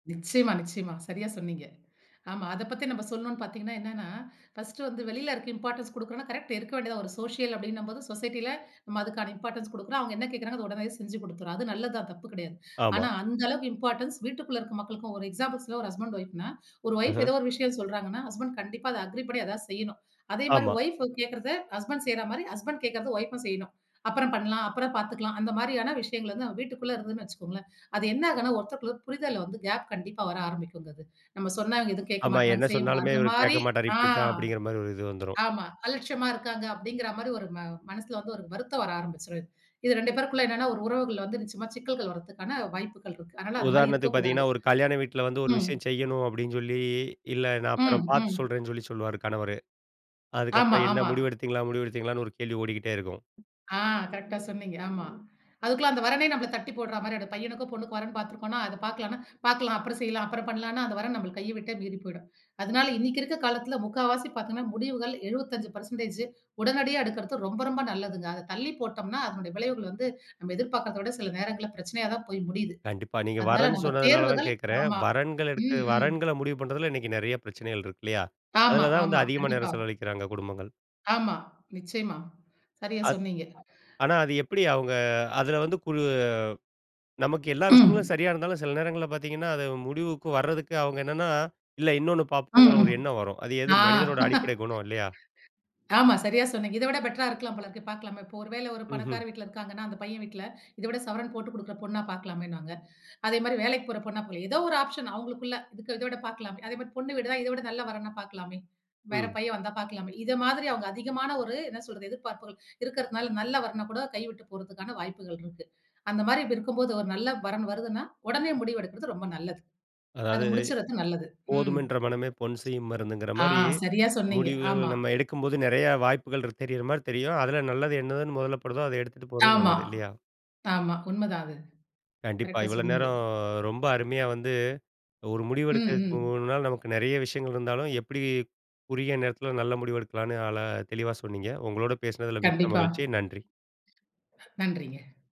நிச்சியமா, நிச்சியமா. சரியா சொன்னீங்க. ஆமா, அத பத்தி நம்ம சொல்லணும்ன்னு பார்த்தீங்கன்னா, என்னன்னா ஃபர்ஸ்ட்டு வந்து வெளியில இருக்க இம்பார்ட்டன்ஸ் குடுக்குறோம்னா கரெக்ட் இருக்க வேண்டியதான். ஒரு சோஷியல் அப்டின்னும்போது சொசைட்டில நம்ம அதுக்கான இம்பார்ட்டன்ஸ் குடுக்குறோம். அவங்க என்ன கேட்குறாங்க அத உடனேயே செஞ்சு குடுத்துறோம். அது நல்லதுதான் தப்பு கிடையாது. ஆமா. ஆனா அந்த அளவுக்கு இம்பார்ட்டன்ஸ் வீட்டுக்குள்ள இருக்க மக்களுக்கும் ஒரு எக்ஸாம்பிள்ஸில ஒரு ஹஸ்பண்ட் ஒய்ஃப்னா, ஒரு ஒய்ஃப் அஹ. ஏதோ ஒரு விஷயம் சொல்றாங்கனா, ஹஸ்பண்ட் கண்டிப்பா அத அக்ரி பண்ணி எதா செய்யனும். அதே மாரி ஆமா. வைப் கேட்கிறத ஹஸ்பண்ட் செய்ற மாரி, ஹஸ்பண்ட் கேட்கிறத வைப்உம் செய்யனும். அப்புறம் பண்ணலாம் அப்புறம் பார்த்துக்லாம். அந்த மாரியான விஷயங்கள் வந்து நம்ம வீட்டுக்குள்ள இருந்ததுன்னு வச்சுக்கொங்களேன், அது என்ன ஆகும்னா ஒருத்தர் ஒரு புரிதல்ல வந்து கேப் கண்டிப்பா வர ஆரம்பிக்குங்க. அது, நம்ம சொன்னா இவங்க எதுவும் கேட்க ஆமா, மாட்டேங்கிறாங்க, என்ன செய்ய மாட்டாரங்க. சொன்னாலுமே அந்த இவரு கேட்க மாரி மாட்டாரு. ஆ இப்படி தான் அப்டிங்கிற மாதிரி ஒரு இது வந்துரும். ஆமா, அலட்சியமா இருக்காங்க அப்டிங்கிற மாரி ஒரு மனசில வந்து ஒரு வருத்தம் வர ஆரம்பிச்சுரும். இது 2 பேருக்குள்ள என்னன்னா ஒரு உறவுகுள்ள வந்து நிச்சியமா சிக்கல்கள் வருவதற்கான வாய்ப்புகள் இருக்கு. அதனால அந்த மாரி இருக்க உதாரணத்துக்கு கூடாது. பார்த்தீங்கன்னா, ஒரு கல்யாண வீட்ல வந்து ஒரு ம். விஷயம் செய்யணும் அப்டின்னு சொல்லி, இல்ல நான் ம், அப்புறம் பார்த்து ம். சொல்றேன்னு சொல்லி சொல்லுவார் கணவரு. ஆமா, அதுக்கப்புறம் என்ன ஆமா. முடிவெடுத்தீங்களா, முடிவெடுத்தீங்களான்னு ஒரு கேள்வி ஓடிக்கிட்டே இருக்கும். ஆ கரெக்ட்டா சொன்னீங்க ஆமா. அதுக்குள்ள அந்த வரனே நம்மள தட்டி போடுற மாரி அந்த பையனுக்கும், பொண்ணுக்கும் வரேன் பார்த்துருக்கோம்னா அத பார்க்கலாம்னா பார்க்கலாம். அப்புறம் செய்யலாம். அப்புறம் பண்ணலாம்னா, அந்த வரன் நம்மள கைய விட்டே மீறி போய்டும். அதனால இன்னைக்கு இருக்கற காலத்துல 3/4 பார்த்தீங்கணா முடிவுகள் 75% பெர்ஸண்டேஜ் உடனடியா எடுக்கிறது ரொம்ப ரொம்ப நல்லதுங்க. அத தள்ளி போட்டோம்னா, அதனுடைய விளைவுகள் வந்து நம்ம எதிர்பார்க்காதத விட சில நேரங்கள்ல பிரச்சனையா தான் போய் முடியுது. கண்டிப்பா, நீங்க அதனால வரேன்னு நம்ம சொன்னதுனால தான் தேர்வுகள் கேட்கிறேன். ஆமா, வரன்கள் எடுத்து ம், ம். வரன்கள முடிவு பண்றதுல இன்னைக்கு நெறைய பிரச்சனைகள் இருக்கு இல்லையா? ஆமா, அதில தான் வந்து ஆமா. அதிகமா கண்டிப்பா. நேரம் செலவழிக்கிறாங்க குடும்பங்கள். ஆமா, நிச்சியமா. சரியா அத் சொன்னீங்க. ஆனா, அது எப்டி அவங்க அதில வந்து கு நமக்கு எல்லா விஷயங்களும் ம். சரியா இருந்தாலும் சில நேரங்கள்ல பார்த்தீங்கன்னா, அது முடிவுக்கு வரதுக்கு அவங்க என்னன்னா, இல்ல இன்னொன்னு பார்ப்போங்கிற ம்ஹ்ம். ஒரு எண்ணம் வரும். அது எது ஆ. மனிதனோட அடிப்படை குணம் இல்லையா? ஆமா, சரியா சொன்னீங்க. இத விட பெட்டர்ரா இருக்கலாம் போல இருக்கு பார்க்கலாமே. இப்போ ஒரு வேள ஒரு ம்ஹும். பணக்கார வீட்ல இருக்கிறாங்கனா, அந்த பையன் வீட்ல இத விட சவரன் போட்டுக் குடுக்கிற பொண்ணா பார்க்கலாமேனுவாங்க. அதே மாரி வேலைக்கு போற பொண்ணா போலாம். ஏதோ ஒரு ஆப்ஷன் அவங்களுக்குள்ள இத விட பார்க்கலாமே. அதே மாரி பொண்ணு வீடு தான், இத விட நல்ல வரன் வந்தா பார்க்கலாமே. வேற ம். பையன் வந்தா பார்க்கலாமே. இத மாதிரி அவங்க அதிகமான ஒரு என்ன சொல்றது எதிர்பார்ப்புகள் இருக்கிறதனால நல்ல வரன் கூட கையவுட்டுப் போறதுக்கான வாய்ப்புகள் இருக்கு. அந்த மாதிரி இருக்கும் போது ஒரு நல்ல வரன் வருதுனா, உடனே முடிவு எடுக்கிறது ரொம்ப நல்லது. அத அதாவது, முடிச்சறது நல்லது. ம். "போதும் என்ற மனமே பொன் செய்யும் மருந்துங்கிற" ஆ மாரி, சரியா சொன்னீங்க. முடிவுகள் ஆமா. நம்ம எடுக்கும்போது நெறையா வாய்ப்புகள் தெரியிற மாதிரி தெரியும். அதில நல்லது என்னதுன்னு மொதல்ல படுதோ அத எடுத்துட்டு போறது ஆமா, நல்லது இல்லையா? ஆமா. உண்ம தான் அது. கண்டிப்பா. கரெக்ட்டா இவ்வளோ சொன்னீங்க. நேரம் ரொம்ப அருமையா வந்து ஒரு ம், ம். முடிவெடுக்கிறதுனால நமக்கு நெறைய விஷயங்கள் இருந்தாலும், எப்டி குறுகிய நேரத்தில நல்ல முடிவு எடுக்கலாம்ன்னு அழ தெளிவா சொன்னீங்க. உங்களோட பேசினதில மிக்க கண்டிப்பா. மகிழ்ச்சி நன்றி. நன்றிங்க.